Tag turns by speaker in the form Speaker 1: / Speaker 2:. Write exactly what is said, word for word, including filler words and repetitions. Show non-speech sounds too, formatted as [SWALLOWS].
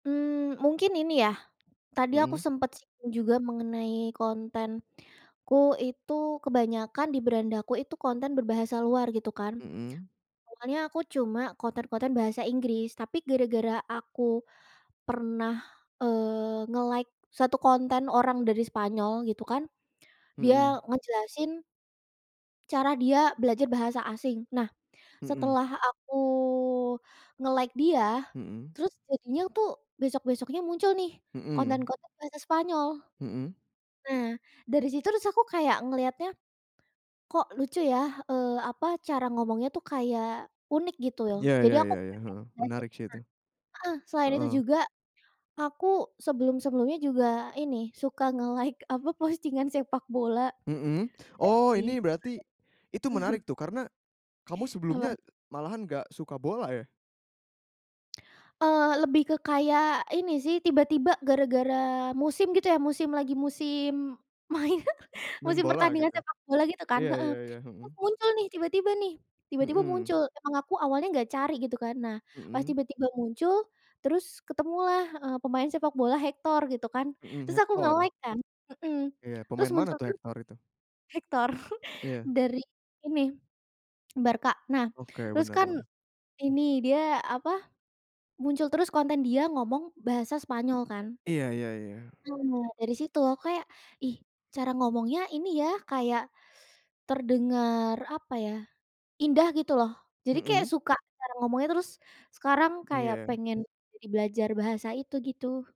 Speaker 1: Mmm, mungkin ini ya, tadi aku
Speaker 2: Mhm.
Speaker 1: sempet singgung juga mengenai kontenku itu kebanyakan di berandaku itu konten berbahasa luar gitu kan.
Speaker 2: Mhm.
Speaker 1: Awalnya aku cuma konten-konten bahasa Inggris tapi gara-gara aku, pernah, eee, nge-like satu konten orang dari Spanyol gitu kan, dia
Speaker 2: Mhm.
Speaker 1: ngejelasin cara dia belajar bahasa asing nah,
Speaker 2: Mhm.
Speaker 1: setelah aku nge-like dia,
Speaker 2: Mhm.
Speaker 1: terus jadinya tuh besok-besoknya muncul nih,
Speaker 2: Mhm.
Speaker 1: konten-konten bahasa Spanyol.
Speaker 2: Mhm.
Speaker 1: Nah dari situ terus aku kayak ngelihatnya, kok lucu ya, eee, apa cara ngomongnya tuh kayak unik gitu loh
Speaker 2: Ya
Speaker 1: jadi
Speaker 2: ya
Speaker 1: aku
Speaker 2: ya ya,
Speaker 1: kayak
Speaker 2: heeh,
Speaker 1: pengen belajar
Speaker 2: menarik
Speaker 1: nah
Speaker 2: sih itu.
Speaker 1: heeh, selain itu
Speaker 2: Heeh.
Speaker 1: juga, aku sebelum-sebelumnya juga ini suka nge-like apa postingan sepak bola,
Speaker 2: Mhm,
Speaker 1: jadi
Speaker 2: oh ini berarti, itu menarik
Speaker 1: [CHUCKLES]
Speaker 2: tuh karena, kamu sebelumnya
Speaker 1: Apa.
Speaker 2: malahan nggak suka bola, ya?
Speaker 1: Eee, lebih ke kayak ini sih tiba-tiba gara-gara musim gitu ya musim lagi musim main, [CHUCKLES]
Speaker 2: Main
Speaker 1: musim
Speaker 2: bola
Speaker 1: pertandingan
Speaker 2: gitu?
Speaker 1: sepak bola gitu kan?
Speaker 2: Iya
Speaker 1: Heeh,
Speaker 2: iya iya,
Speaker 1: itu
Speaker 2: mhm.
Speaker 1: muncul nih tiba-tiba nih, tiba-tiba muncul
Speaker 2: Mhm.
Speaker 1: emang aku awalnya nggak cari gitu kan nah, pas
Speaker 2: Mhm.
Speaker 1: tiba-tiba muncul, terus ketemulah, eee, pemain sepak bola Hector gitu kan
Speaker 2: Mhm,
Speaker 1: terus aku
Speaker 2: Hector.
Speaker 1: nge-like kan, mhm,
Speaker 2: Iya
Speaker 1: terus
Speaker 2: pemain mana
Speaker 1: muncul
Speaker 2: tuh
Speaker 1: tuh.
Speaker 2: Hector itu?
Speaker 1: Hector [CHUCKLES]
Speaker 2: Iya.
Speaker 1: dari ini, [SWALLOWS] Barca. Nah
Speaker 2: Oke
Speaker 1: terus
Speaker 2: bener
Speaker 1: kan
Speaker 2: bener.
Speaker 1: ini, dia apa, muncul terus konten dia ngomong bahasa Spanyol kan.
Speaker 2: Iya iya iya.
Speaker 1: Nah dari situ aku kayak, "Ih, cara ngomongnya ini ya kayak." Terdengar apa ya, "indah" gitu loh, jadi kayak
Speaker 2: Mhm.
Speaker 1: suka cara ngomongnya terus, sekarang kayak
Speaker 2: Iya.
Speaker 1: pengen, jadi belajar bahasa itu gitu.